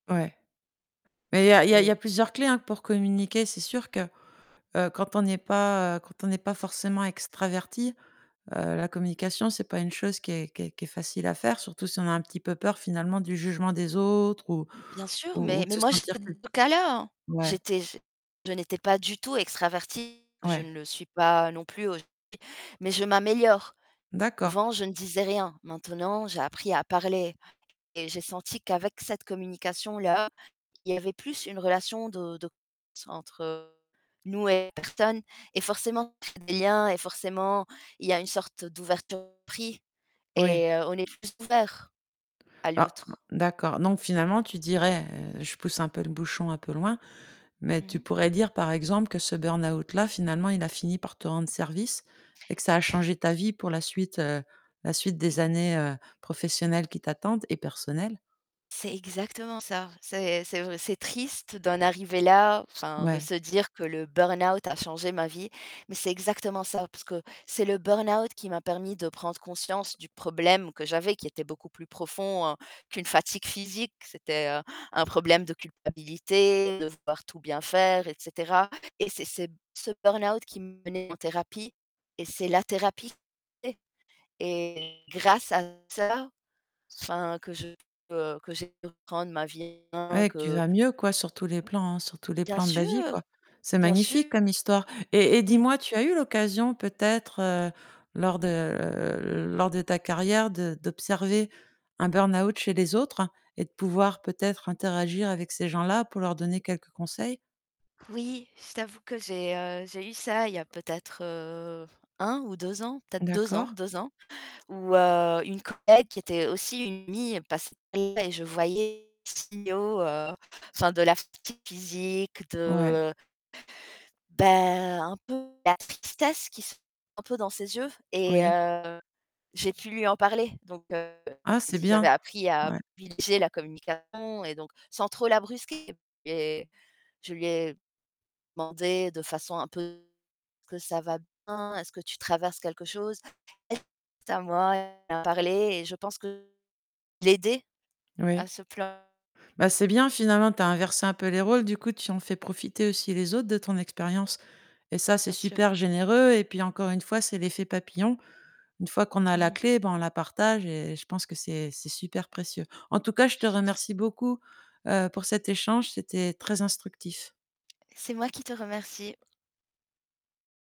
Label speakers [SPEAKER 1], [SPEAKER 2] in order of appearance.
[SPEAKER 1] Ouais. Mais il y a il y a il y
[SPEAKER 2] Et
[SPEAKER 1] a plusieurs clés, hein, pour communiquer. C'est sûr que, heu, quand on n'est pas heu, quand on n'est pas forcément extraverti, heu, la communication, c'est pas une chose qui est qui est qui est facile à faire, surtout si on a un petit peu peur finalement du jugement des autres ou
[SPEAKER 2] M bien sûr,
[SPEAKER 1] ou
[SPEAKER 2] mais
[SPEAKER 1] ou de
[SPEAKER 2] mais
[SPEAKER 1] se
[SPEAKER 2] moi
[SPEAKER 1] sentir
[SPEAKER 2] j'étais
[SPEAKER 1] cul
[SPEAKER 2] [unintelligible]
[SPEAKER 1] ouais.
[SPEAKER 2] j'étais j je n'étais pas du tout extravertie, je
[SPEAKER 1] Ouais.
[SPEAKER 2] ne le suis pas non plus aujourd'hui mais je m'améliore.
[SPEAKER 1] D'accord.
[SPEAKER 2] Avant, je ne disais rien, maintenant, j'ai appris à parler et j'ai senti qu'avec cette communication là, il y avait plus une relation de de confiance entre nous et les personnes et forcément ça crée des liens et forcément, il y a une sorte d'ouverture d'esprit
[SPEAKER 1] Oui.
[SPEAKER 2] et heu, on est plus ouverts à
[SPEAKER 1] Alors
[SPEAKER 2] l'autre.
[SPEAKER 1] d'accord. Donc finalement tu dirais, heu, je pousse un peu le bouchon un peu loin, mais
[SPEAKER 2] Mmh
[SPEAKER 1] tu
[SPEAKER 2] mh.
[SPEAKER 1] pourrais dire, par exemple, que ce burn-out là, finalement, il a fini par te rendre service et que ça a changé ta vie pour la suite, heu, la suite des
[SPEAKER 2] Et
[SPEAKER 1] années, heu, professionnelles qui t'attendent et personnelles?
[SPEAKER 2] C'est exactement ça. C'est c'est v c'est triste d'en arriver là, enfin, de
[SPEAKER 1] Ouais.
[SPEAKER 2] se dire que le burn-out a changé ma vie. Mais c'est exactement ça parce que c'est le burn-out qui m'a permis de prendre conscience du problème que j'avais, qui était beaucoup plus profond qu'une fatigue physique. C'était, heu, un problème de culpabilité, devoir tout bien faire et cetera et c'est c'est ce burn-out qui m'a emmenée en thérapie et c'est la thérapie [unintelligible] et grâce à ça, enfin que je peux que j'ai pu reprendre ma vie en
[SPEAKER 1] Ouais
[SPEAKER 2] main,
[SPEAKER 1] et que tu
[SPEAKER 2] que
[SPEAKER 1] vas mieux, quoi, sur tous les plans, hein, sur tous les
[SPEAKER 2] Bien
[SPEAKER 1] plans de la vie, quoi.
[SPEAKER 2] sûr!
[SPEAKER 1] C'est
[SPEAKER 2] Bien
[SPEAKER 1] magnifique
[SPEAKER 2] sûr.
[SPEAKER 1] comme histoire et et
[SPEAKER 2] Mmh.
[SPEAKER 1] dis-moi, tu as eu l'occasion peut-être, heu, lors de, heu, lors de ta carrière de d'observer un burn-out chez les autres et de pouvoir, peut-être, interagir avec ces gens-là pour leur donner quelques conseils?
[SPEAKER 2] Oui, je t'avoue que j'ai, heu, j'ai eu ça il y a peut-être, heu, 1 ou 2 ans, peut-être 2 ans,
[SPEAKER 1] D'accord.
[SPEAKER 2] 2 ans, où, heu, une collègue qui était aussi une amie passe [unintelligible] et je voyais les signaux, heu, enfin de la fatigue physique,
[SPEAKER 1] Ouais.
[SPEAKER 2] de Bah, un peu de la tristesse qui se un peu dans ses yeux et
[SPEAKER 1] Oui.
[SPEAKER 2] heu, j'ai pu lui en parler. Donc heu,
[SPEAKER 1] Ah
[SPEAKER 2] j'ai
[SPEAKER 1] c'est
[SPEAKER 2] dit j'avais
[SPEAKER 1] bien!
[SPEAKER 2] appris à
[SPEAKER 1] Ouais.
[SPEAKER 2] privilégier la communication et donc sans trop la brusquer! Et je lui ai demandé de façon un peu: «Est-ce que ça va bien? Est-ce que tu traverses quelque chose?» elle c'est à moi, elle a parlé et je pense que l'ai aidée à
[SPEAKER 1] Oui.
[SPEAKER 2] se plain
[SPEAKER 1] Bah c'est bien! Finalement tu as inversé un peu les rôles du coup, tu en fais profiter aussi les autres de ton expérience et ça, c'est
[SPEAKER 2] Bien sûr.
[SPEAKER 1] super généreux et puis, encore une fois, c'est l'effet papillon. Une fois qu'on a
[SPEAKER 2] Mmh
[SPEAKER 1] la
[SPEAKER 2] mh.
[SPEAKER 1] clé, bah, on la partage et je pense que c'est c'est super précieux. En tout cas, je te remercie beaucoup, heu, pour cet échange. C'était très instructif.
[SPEAKER 2] C'est moi qui te remercie.